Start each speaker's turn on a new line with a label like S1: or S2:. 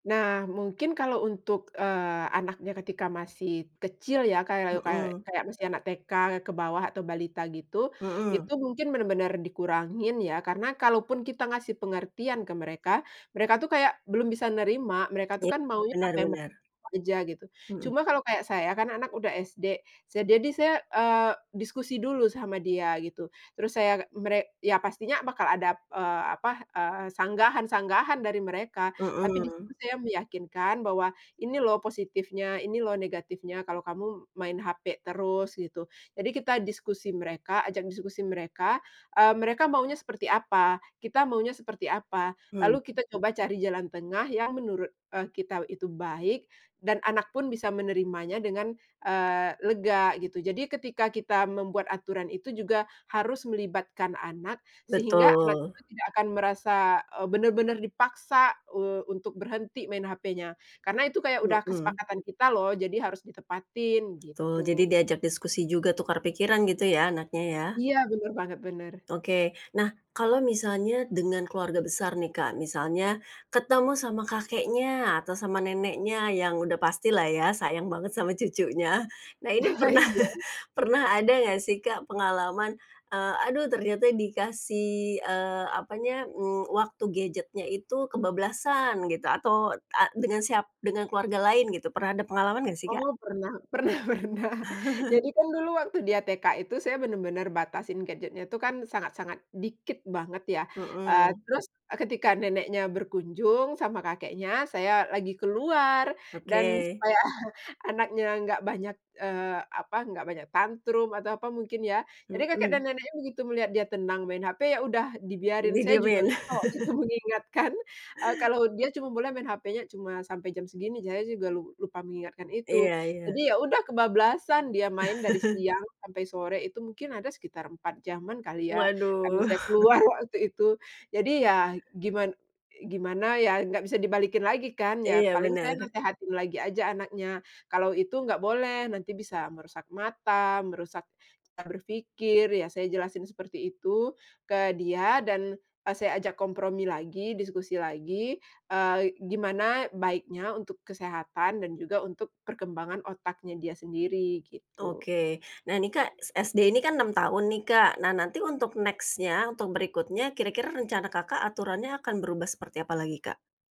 S1: Nah, mungkin kalau untuk, eee, anaknya ketika masih kecil ya kayak kayak
S2: Mhm.
S1: kayak masih anak TK ke bawah atau balita gitu, itu
S2: Mhm.
S1: mungkin bener-bener dikurangin ya karena kalaupun kita ngasih pengertian ke mereka, mereka tuh kayak belum bisa nerima, mereka tuh
S2: Iya,
S1: kan maunya
S2: benar
S1: apa yang mereka
S2: benar.
S1: kejar gitu.
S2: Mhm.
S1: Cuma kalau kayak saya kan anak udah SD, sa jadi saya, eee, diskusi dulu sama dia gitu. Terus saya agak mere ya pastinya bakal ada, eee, apa, eee, sanggahan-sanggahan dari mereka, tapi di
S2: Mhm.
S1: situ saya meyakinkan bahwa, "Ini loh positifnya, ini loh negatifnya kalau kamu main HP terus." Gitu. Jadi kita diskusi mereka, ajak diskusi mereka, eee, mereka maunya seperti apa, kita maunya seperti apa, lalu
S2: Hmm.
S1: kita coba cari jalan tengah yang menurut, eee, kita itu baik, dan anak pun bisa menerimanya dengan, eee, lega gitu. Jadi ketika kita membuat aturan itu juga harus melibatkan anak sehingga anak
S2: Betul.
S1: kita tidak akan merasa, eee, benar-benar dipaksa, eee, untuk berhenti main hpnya karena itu kayak udah
S2: Mhm.
S1: kesepakatan kita loh, jadi harus ditepatin,
S2: Tul,
S1: gitu.
S2: jadi diajak diskusi juga tukar pikiran gitu ya anaknya ya.
S1: Iya bener banget, bener.
S2: Oke. Nah kalau misalnya dengan keluarga besar nih, Kak, misalnya ketemu sama kakeknya atau sama neneknya yang udah pastilah ya sayang banget sama cucunya. Nah ini pernah
S1: Iya.
S2: pernah ada gak sih, Kak, pengalaman, eee, "Aduh ternyata dikasih," eee, apanya, mmm, "waktu gadgetnya itu kebablasan." Gitu atau, ah, dengan siap dengan keluarga lain gitu, pernah ada pengalaman nggak sih, Kak?
S1: Oh, pernah pernah pernah. Jadi kan dulu waktu dia TK itu saya benar-benar batasin gadgetnya itu kan sangat-sangat dikit banget ya, eee,
S2: Mhm.
S1: terus, eee, ketika neneknya berkunjung sama kakeknya, saya lagi keluar dan
S2: Oke.
S1: supaya anaknya gak banyak, eee, apa, gak banyak tantrum atau apa mungkin ya. Jadi kakek dan
S2: Mhm.
S1: neneknya begitu melihat dia tenang main HP, ya udah dibiarin, saya juga
S2: Didiemin.
S1: lupa waktu itu mengingatkan, eee, kalau dia cuma boleh main HPnya cuma sampai jam segini, saya juga lu lupa mengingatkan itu.
S2: Iya
S1: Jadi
S2: iya.
S1: ya udah, kebablasan, dia main dari siang sampai sore itu mungkin ada sekitar 4 jaman kali ya karena
S2: Waduh.
S1: saya keluar waktu itu. Jadi ya giman i gimana ya, gak bisa dibalikin lagi kan, ya
S2: Iya
S1: paling saya
S2: benar.
S1: nasehatin lagi aja anaknya, "Kalau itu gak boleh, nanti bisa merusak mata, merusak cara berpikir." Iya saya jelasin seperti itu ke dia dan, eee, saya ajak kompromi lagi, diskusi lagi, eee, gimana baiknya untuk kesehatan dan juga untuk perkembangan otaknya dia sendiri gitu.
S2: Oke. Nah ini, Kak, s SD ini kan 6 tahun nih, Kak. Nah nanti untuk next-nya, untuk berikutnya kira-kira rencana Kakak aturannya akan berubah seperti apa lagi, Kak?